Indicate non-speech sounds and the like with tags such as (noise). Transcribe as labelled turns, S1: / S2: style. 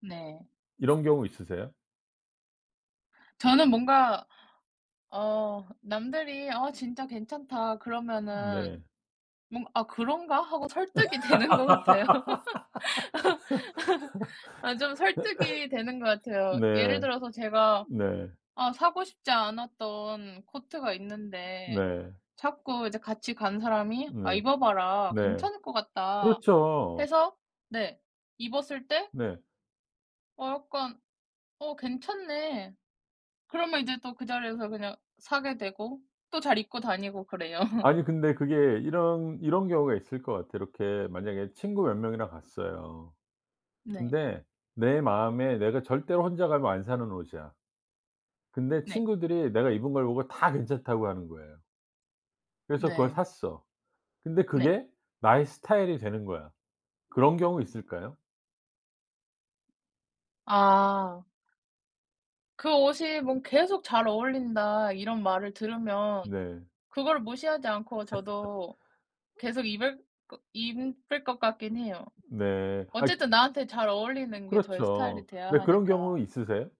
S1: 네.
S2: 이런 경우 있으세요?
S1: 저는 뭔가 어 남들이 "아 진짜 괜찮다." 그러면은
S2: 네.
S1: 뭔가 '아 그런가?' 하고 설득이 되는 것 같아요. (laughs) 아 좀 설득이 되는 것
S2: (laughs) (coughs)
S1: 같아요. 예를
S2: 네.
S1: 들어서 제가
S2: 네.
S1: 아 사고 싶지 않았던 코트가 있는데
S2: 네.
S1: 자꾸 이제 같이 간 사람이 "아
S2: 네.
S1: 입어봐라
S2: 네.
S1: 괜찮을 것 같다."
S2: 그렇죠.
S1: 해서 네. 입었을 때
S2: 네.
S1: 어 약간 "어 괜찮네." 그러면 이제 또 그 자리에서 그냥 사게 되고 또 잘 입고 다니고 그래요.
S2: 아니
S1: (laughs)
S2: 근데 그게 이런 이런 경우가 있을 것 같아요. 이렇게 만약에 친구 몇 명이랑 갔어요.
S1: 네.
S2: 근데 내 마음에 내가 절대로 혼자 가면 안 사는 옷이야. 근데
S1: 네.
S2: 친구들이 내가 입은 걸 보고 다 괜찮다고 하는 거예요. 그래서 그걸
S1: 네.
S2: 샀어. 근데
S1: 네.
S2: 그게 나의 스타일이 되는 거야. 그런 경우 있을까요?
S1: 아. 그 옷이 뭐 계속 "잘 어울린다." 이런 말을 들으면
S2: 네.
S1: 그거를 무시하지 않고 저도
S2: (laughs)
S1: 계속 입을 거 입을 것 같긴 해요.
S2: 네. 아잇
S1: 어쨌든 나한테 잘 어울리는 게 저의 스타일이
S2: 그렇죠.
S1: 돼야
S2: 근데 그런 경우
S1: 하니까.
S2: 있으세요?